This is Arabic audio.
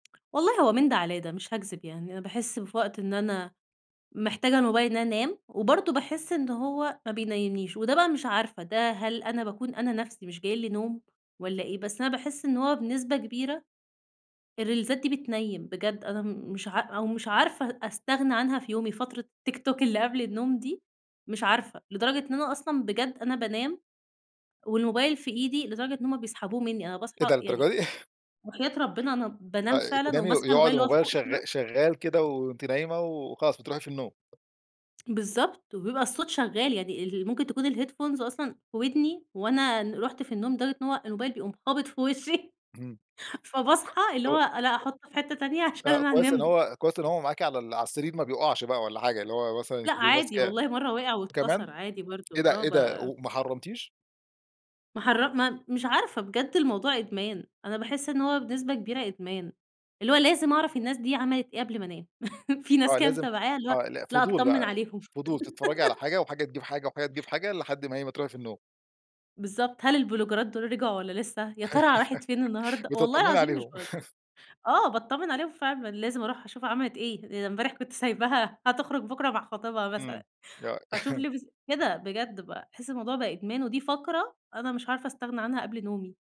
والله هو من ده علي ده مش هاكذب يعني، أنا باحس في وقت إن أنا محتاجة الموبايل إن أنا انام، وبرضه باحس إن هو ما بينيمنيش وده بقى مش عارفة، ده هل أنا باكون أنا نفسي مش جاي لي نوم والّا إيه؟ بس أنا باحس إن هو بنسبة كبيرة الريلزات دي بتنيّم. بجد أنا م مش عا أو مش عارفة استغنى عنها في يومي فترة التيك توك اللي قبل النوم دي، مش عارفة، لدرجة إن أنا أصلًا بجد أنا بانام والموبايل في إيدي، لدرجة إن هم بيسحبوه مني، أنا إيه باصحى ده! يعني للدرجة دي! وحياة ربنا أنا بانام آآ فعلًا تنامي وماسكة يقعد الموبايل اللى هو الموبايل فوقي شغ كده شغال كده، وأنتِ نايمة وخلاص بتروحي في النوم. بالضبط وبيبقى الصوت شغال، يعني ال ممكن تكون الheadphones أصلًا في ودني، وأنا ن رُحت في النوم لدرجة إن هو الموبايل بيقوم خابط في وشِّي، اهم. فباصحى اللي هو [unintelligible] أنا هاحطه في حتة تانية عشان آآ، أنا كويس إن هانام هو كويس إن هو معاكي على على السرير ما بيقعش بقى والّا حاجة، اللي هو مثلًا لأ، بتبقي عادي ماسكاه. والله مرّة وقع واتكسر، كمان! عادي إيه برضه ده، آه إيه ده؟ ب وما حرمتيش؟! ماحر ما مش عارفة بجد الموضوع إدمان، أنا باحس إن هو بنسبة كبيرة إدمان، اللي هو لازم أعرف الناس دي عملت إيه قبل ما انام، في ناس آه كده لازم متابعاها اللي هو آه ال لأ، فضول أتطمن بقى، عليهم فضول تتفرجي على حاجة، وحاجة تجيب حاجة، وحاجة تجيب حاجة، لحد ما إيه، ما تروحي في النوم. بالضبط. هل البلوجرات دول رجعوا والّا لسه؟ يا ترى راحت فين النهاردة؟ والله بتطمني العظيم مش عليهم باهزر. آه، باتطمن عليهم فعلًا، لازم أروح أشوفها عملت إيه؟ أنا امبارح كنت سايباها هتخرج بكرة مع خطيبها إمم مثلًا، آه فاشوف لبس كده بجد ب تحس الموضوع بقى إدمان، ودي فقرة أنا مش عارفة أستغنى عنها قبل نومي.